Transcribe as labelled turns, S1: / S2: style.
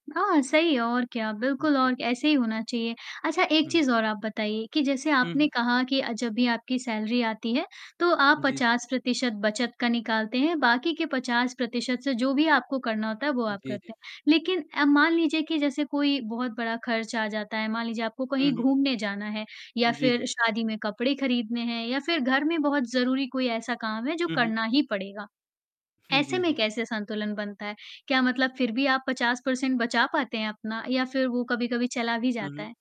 S1: हाँ, सही है और क्या बिल्कुल
S2: जी।
S1: और ऐसे ही होना चाहिए, अच्छा एक
S2: हुँ।
S1: चीज़ और आप बताइए कि जैसे
S2: हुँ,
S1: आपने
S2: हुँ।
S1: कहा कि अ, जब भी आपकी सैलरी आती है, तो आप
S2: जी, जी।
S1: 50% बचत का निकालते हैं बाकी के 50% से जो भी आपको करना होता है, वो आप
S2: जी,
S1: करते
S2: जी।
S1: हैं, लेकिन अ, मान लीजिए कि जैसे कोई बहुत बड़ा खर्च आ जाता है, मान लीजिए आपको
S2: हुँ,
S1: कहीं
S2: हुँ।
S1: घूमने जाना है या
S2: जी,
S1: फ़िर
S2: जी।
S1: शादी में कपड़े खरीदने हैं या फ़िर घर में बहुत ज़रूरी कोई ऐसा काम है जो
S2: उहुँ।
S1: करना ही पड़ेगा,
S2: हुँ,
S1: ऐसे
S2: जी,
S1: में
S2: जी।
S1: कैसे संतुलन बनता है? क्या मतलब फ़िर भी आप 50 परसेंट बचा पाते हैं अपना या फ़िर वो कभी-कभी चला भी
S2: हुँ,
S1: जाता है?
S2: हुँ।